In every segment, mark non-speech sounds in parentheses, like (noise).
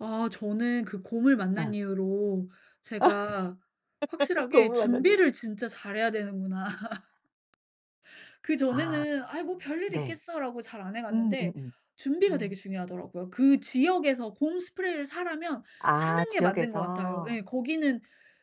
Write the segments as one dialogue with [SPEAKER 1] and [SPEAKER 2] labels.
[SPEAKER 1] 아 저는 그 곰을 만난
[SPEAKER 2] 어.
[SPEAKER 1] 이후로 제가
[SPEAKER 2] (laughs)
[SPEAKER 1] 확실하게
[SPEAKER 2] 동물 만난 이후로.
[SPEAKER 1] 준비를 진짜 잘해야 되는구나. (laughs)
[SPEAKER 2] 아
[SPEAKER 1] 그전에는 '아이 뭐 별일이
[SPEAKER 2] 네.
[SPEAKER 1] 있겠어.'라고 잘 안 해갔는데
[SPEAKER 2] 음음음.
[SPEAKER 1] 준비가 되게
[SPEAKER 2] 음.
[SPEAKER 1] 중요하더라고요. 그 지역에서 곰 스프레이를 사라면
[SPEAKER 2] 아
[SPEAKER 1] 사는 게 맞는 것 같아요.
[SPEAKER 2] 지역에서.
[SPEAKER 1] 예. 거기는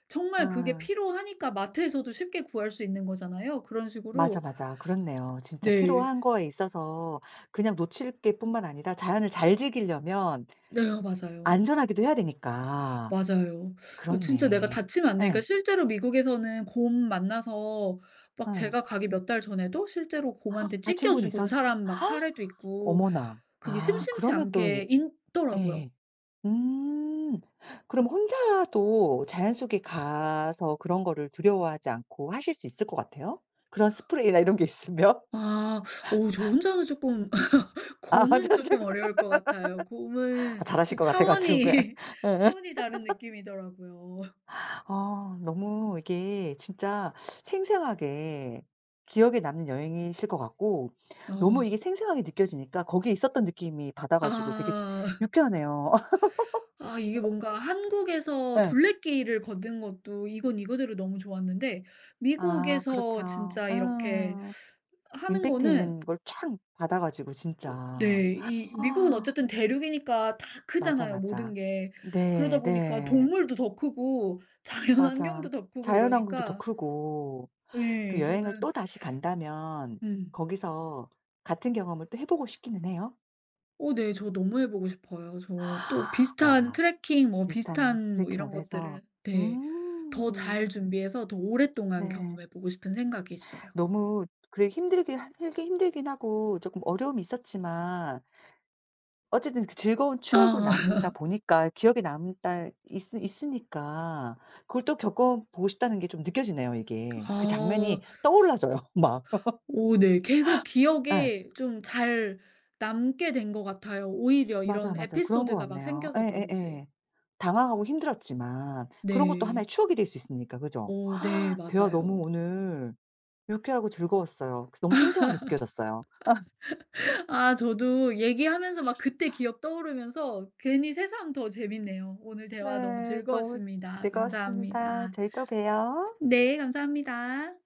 [SPEAKER 1] 정말 그게
[SPEAKER 2] 아.
[SPEAKER 1] 필요하니까 마트에서도 쉽게 구할 수 있는 거잖아요. 그런
[SPEAKER 2] 맞아,
[SPEAKER 1] 식으로
[SPEAKER 2] 맞아 그렇네요 진짜
[SPEAKER 1] 네.
[SPEAKER 2] 필요한 거에 있어서 그냥 놓칠게 뿐만 아니라 자연을 잘 즐기려면
[SPEAKER 1] 네 아 맞아요.
[SPEAKER 2] 안전하기도 해야 되니까
[SPEAKER 1] 맞아요. 진짜 내가
[SPEAKER 2] 그렇네.
[SPEAKER 1] 다치면 안 되니까
[SPEAKER 2] 예.
[SPEAKER 1] 실제로 미국에서는 곰 만나서 막
[SPEAKER 2] 예.
[SPEAKER 1] 제가 가기 몇 달 전에도 실제로
[SPEAKER 2] (gasps)
[SPEAKER 1] 곰한테
[SPEAKER 2] 다친
[SPEAKER 1] 찢겨
[SPEAKER 2] 분이
[SPEAKER 1] 죽은
[SPEAKER 2] 있었
[SPEAKER 1] 사람 막 사례도
[SPEAKER 2] (gasps)
[SPEAKER 1] 있고
[SPEAKER 2] 어머나
[SPEAKER 1] 그게
[SPEAKER 2] 아
[SPEAKER 1] 심심치
[SPEAKER 2] 그러면 또 예
[SPEAKER 1] 않게 있더라고요.
[SPEAKER 2] 예예. 음 그럼 혼자도 자연 속에 가서 그런 거를 두려워하지 않고 하실 수 있을 것 같아요? 그런 스프레이나 이런 게 있으면.
[SPEAKER 1] 아 어 저
[SPEAKER 2] (laughs)
[SPEAKER 1] 혼자는 쪼끔 (laughs)
[SPEAKER 2] 아 (unintelligible)
[SPEAKER 1] 곰은 쪼끔
[SPEAKER 2] (laughs)
[SPEAKER 1] 어려울 것 같아요.
[SPEAKER 2] 아
[SPEAKER 1] 곰은
[SPEAKER 2] 잘하실
[SPEAKER 1] 좀
[SPEAKER 2] 것 같아 가지고
[SPEAKER 1] 차원이
[SPEAKER 2] 그냥.
[SPEAKER 1] (laughs) 차원이 다른
[SPEAKER 2] (laughs)
[SPEAKER 1] 느낌이더라고요.
[SPEAKER 2] 어 너무 이게 진짜 생생하게 기억에 남는 여행이실 것 같고 너무
[SPEAKER 1] 어.
[SPEAKER 2] 이게 생생하게 느껴지니까 거기에 있었던 느낌이 받아 가지고 되게 지금
[SPEAKER 1] 아. (laughs)
[SPEAKER 2] 유쾌하네요.
[SPEAKER 1] 아 이게
[SPEAKER 2] (laughs)
[SPEAKER 1] 뭔가 한국에서
[SPEAKER 2] 예.
[SPEAKER 1] 둘레길을 걷는 것도 이건 이거대로 너무 좋았는데
[SPEAKER 2] 아
[SPEAKER 1] 미국에서
[SPEAKER 2] 그렇죠.
[SPEAKER 1] 진짜 이렇게
[SPEAKER 2] 응.
[SPEAKER 1] 하는
[SPEAKER 2] 임팩트
[SPEAKER 1] 거는
[SPEAKER 2] 있는 걸 촥 받아 가지고 진짜.
[SPEAKER 1] 네. 이 미국은
[SPEAKER 2] (gasps)
[SPEAKER 1] 어쨌든 대륙이니까 다
[SPEAKER 2] 맞아,
[SPEAKER 1] 크잖아요 모든
[SPEAKER 2] 맞아.
[SPEAKER 1] 게. 그러다
[SPEAKER 2] 네
[SPEAKER 1] 보니까
[SPEAKER 2] 네.
[SPEAKER 1] 동물도 더 크고
[SPEAKER 2] 맞아.
[SPEAKER 1] 자연환경도 더 크고
[SPEAKER 2] 자연환경도 더
[SPEAKER 1] 이러니까
[SPEAKER 2] 크고
[SPEAKER 1] 예
[SPEAKER 2] 그럼 여행을
[SPEAKER 1] 저는
[SPEAKER 2] 또 다시 간다면
[SPEAKER 1] 음.
[SPEAKER 2] 거기서 같은 경험을 또 해보고 싶기는 해요?
[SPEAKER 1] 어 네 저 너무 해보고 싶어요. 저 또
[SPEAKER 2] (gasps)
[SPEAKER 1] 비슷한
[SPEAKER 2] 와
[SPEAKER 1] 트래킹 뭐
[SPEAKER 2] 비슷한
[SPEAKER 1] 비슷한 뭐 이런
[SPEAKER 2] 트래킹을 해서
[SPEAKER 1] 것들을 네 더
[SPEAKER 2] 음.
[SPEAKER 1] 잘 준비해서 더 오랫동안
[SPEAKER 2] 네.
[SPEAKER 1] 경험해보고 싶은 생각이 있어요.
[SPEAKER 2] 너무 그래 힘들게 할 힘들긴 하고 조금 어려움이 있었지만 어쨌든 그 즐거운 추억으로
[SPEAKER 1] 아. (laughs)
[SPEAKER 2] 남는다보니까 기억에 남다 있으 있으니까 그걸 또 겪어보고 싶다는게 좀 느껴지네요 이게 그
[SPEAKER 1] 아
[SPEAKER 2] 장면이 떠올라져요 막
[SPEAKER 1] 오 네 계속
[SPEAKER 2] (laughs) 예.
[SPEAKER 1] 기억에 좀 잘 남게 된 것 같아요 오히려
[SPEAKER 2] 맞아요
[SPEAKER 1] 이런
[SPEAKER 2] 맞아 그런 거
[SPEAKER 1] 에피소드가 막
[SPEAKER 2] 같네요
[SPEAKER 1] 생겨서 그런지.
[SPEAKER 2] 예예예. 당황하고 힘들었지만 그런 것도
[SPEAKER 1] 네.
[SPEAKER 2] 하나의 추억이 될 수 있으니까 그죠?
[SPEAKER 1] 오 네
[SPEAKER 2] (gasps) 대화 너무
[SPEAKER 1] 맞아요.
[SPEAKER 2] 오늘 유쾌하고 즐거웠어요. 그래서 너무 생생하게 느껴졌어요. (laughs)
[SPEAKER 1] (laughs) 아 저도 얘기하면서 막 그때 기억 떠오르면서 괜히 새삼 더 재밌네요 오늘 대화 너무
[SPEAKER 2] 네 너무
[SPEAKER 1] 즐거웠습니다
[SPEAKER 2] 즐거웠습니다.
[SPEAKER 1] 감사합니다.
[SPEAKER 2] 저희 또 봬요.
[SPEAKER 1] 네, 감사합니다.